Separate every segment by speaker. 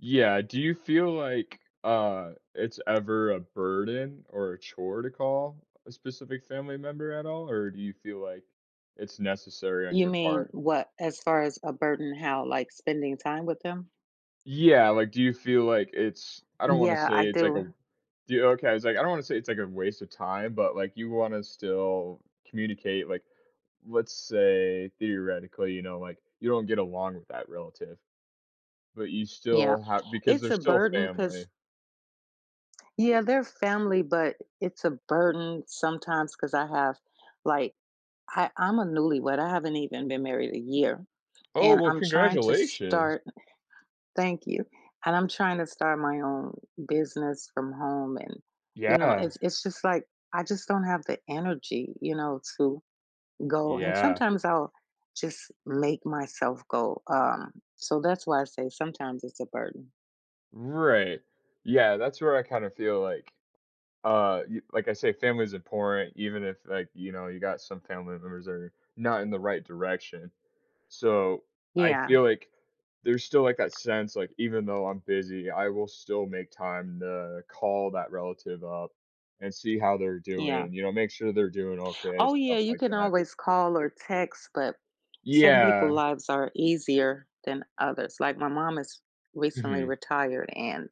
Speaker 1: Yeah, do you feel like, uh, it's ever a burden or a chore to call a specific family member at all? Or do you feel like it's necessary on
Speaker 2: You
Speaker 1: your
Speaker 2: mean
Speaker 1: part?
Speaker 2: what? As far as a burden, how? Like, spending time with them?
Speaker 1: Yeah, like, do you feel like it's I don't wanna
Speaker 2: Yeah,
Speaker 1: say
Speaker 2: I
Speaker 1: it's like
Speaker 2: do.
Speaker 1: a Do you? Okay, I was like I don't wanna say it's like a waste of time, but, like, you wanna still communicate. Like, let's say, theoretically, you know, like, you don't get along with that relative, but you
Speaker 2: Yeah,
Speaker 1: still ha because they're
Speaker 2: it's a
Speaker 1: still
Speaker 2: burden,
Speaker 1: family.
Speaker 2: 'cause Yeah, they're family, but it's a burden sometimes 'cause I have, like, I I'm a newlywed, I haven't even been married a year,
Speaker 1: Oh,
Speaker 2: and
Speaker 1: well,
Speaker 2: I'm trying to
Speaker 1: congratulations!
Speaker 2: start Thank you. And I'm trying to start my own business from home and, you know,
Speaker 1: Yeah.
Speaker 2: it's it's just, like, I just don't have the energy, you know, to go, and
Speaker 1: Yeah.
Speaker 2: sometimes I'll just make myself go, um, so that's why I say sometimes it's a burden.
Speaker 1: Right, yeah, that's where I kinda feel like, uh, y like I say, family is important, even if, like, you know, you got some family members that are not in the right direction. So, I
Speaker 2: Yeah.
Speaker 1: feel like there's still, like, that sense, like, even though I'm busy, I will still make time to call that relative up and see how they're
Speaker 2: Yeah.
Speaker 1: doing, you know, make sure they're doing okay,
Speaker 2: Oh, yeah,
Speaker 1: stuff
Speaker 2: you
Speaker 1: like
Speaker 2: can
Speaker 1: that.
Speaker 2: always call or text, but some people
Speaker 1: Yeah.
Speaker 2: lives are easier than others. Like, my mom is recently
Speaker 1: Mhm.
Speaker 2: retired and,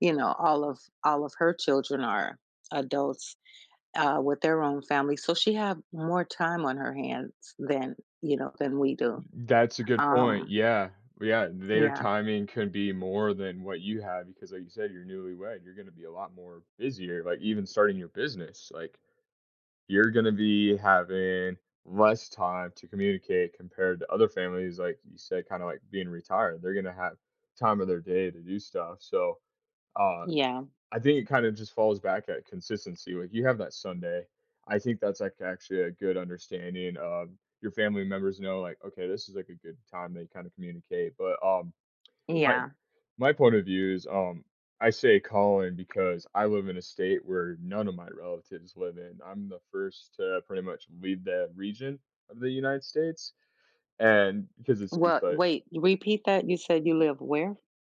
Speaker 2: you know, all of all of her children are adults, uh, with their own family, so, she have more time on her hands than, you know, than we
Speaker 1: Th
Speaker 2: do.
Speaker 1: that's a good point,
Speaker 2: Um
Speaker 1: yeah, yeah, their
Speaker 2: Yeah.
Speaker 1: timing could be more than what you have because like you said, you're newlywed, you're gonna be a lot more busier, like, even starting your business, like, you're gonna be having less time to communicate compared to other families, like you said, kinda like being retired. They're gonna have time of their day to do stuff, so, uh,
Speaker 2: Yeah.
Speaker 1: I think it kind of just falls back at consistency, like, you have that Sunday. I think that's, like, actually a good understanding, um, your family members know, like, okay, this is, like, a good time they kinda communicate. But, um, I
Speaker 2: Yeah.
Speaker 1: my point of view is, um, I say calling because I live in a state where none of my relatives live in. I'm the first to pretty much leave that region of the United States, and because it's just,
Speaker 2: What
Speaker 1: like
Speaker 2: wait, repeat that, you said you live where?